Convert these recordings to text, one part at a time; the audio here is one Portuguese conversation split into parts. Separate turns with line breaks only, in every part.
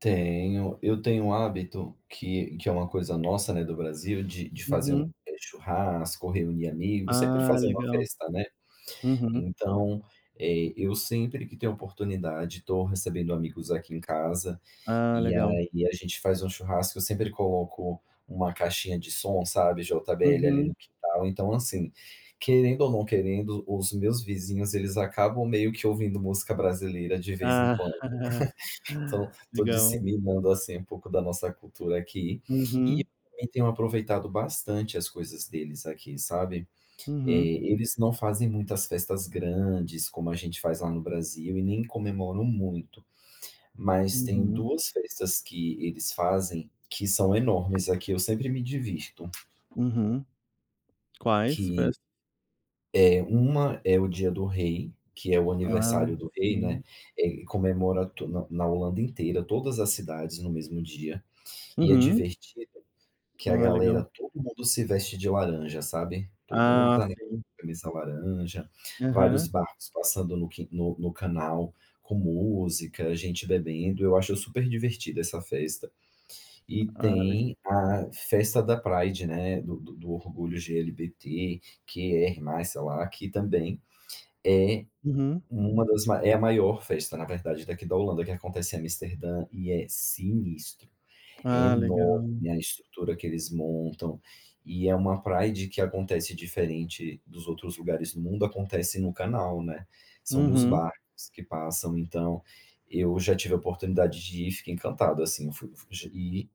Tenho, eu tenho o hábito, que que é uma coisa nossa, né, do Brasil, de de fazer um,
Uhum.
eh, churrasco, reunir amigos, sempre
Ah,
fazendo uma
legal,
festa, né.
uhum.
Então, eh, eu sempre que tenho a oportunidade, tô recebendo amigos aqui em casa
Ah,
e
legal.
aí e a gente faz um churrasco, eu sempre coloco uma caixinha de som, sabe, JBL ali
Uhum.
no quintal. Então, assim, querendo ou não querendo, os meus vizinhos eles acabam meio que ouvindo música brasileira de vez em
Ah,
quando, então, tô
legal.
disseminando, assim, um pouco da nossa cultura aqui e
Uhum.
também tenho aproveitado bastante as coisas deles aqui, sabe. Eh,
Uhum.
eles não fazem muitas festas grandes como a gente faz lá no Brasil e nem comemoram muito, mas tem
Uhum.
duas festas que eles fazem que são enormes, aqui eu sempre me divirto.
Uhum. Quais
Que,
festas?
é, uma é o Dia do Rei, que é o
Ah,
aniversário do rei,
sim.
né, eh, comemora to na na Holanda inteira, todas as cidades no mesmo dia, e é
Uhum.
divertido, que a
Ah,
galera
legal.
todo mundo se veste de laranja, sabe, todo mundo
Ah,
tá de
sei.
camisa laranja, vários
Aham.
barcos passando no qui no no canal com música, gente bebendo, eu acho superdivertida essa festa e
Ah, leg
tem a festa da Pride, né, do do orgulho LGBTQR+, sei lá, que também é
Uhum.
uma das ma é a maior festa, na verdade, daqui da Holanda, que acontece em Amsterdã e é sinistro, é
Ah, legal.
enorme a estrutura que eles montam e é uma Pride que acontece diferente dos outros lugares do mundo, acontece no canal, né, são nos
Uhum.
barcos que passam. Então, eu já tive a oportunidade de ir, fiquei encantado, assim, eu fui fui e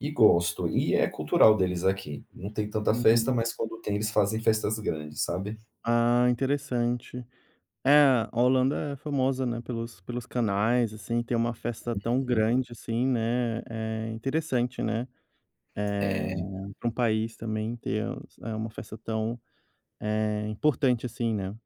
e gosto, e é cultural deles aqui não tem tanta festa,
Uhum.
mas quando tem, eles fazem festas grandes, sabe.
Ah, interessante. É a Holanda é famosa, né, pelos pelos canais, assim, ter uma festa tão
Uhum.
grande assim, né, é interessante, né, eh,
É.
pra um país também ter, eh, uma festa tão, é, importante assim, né.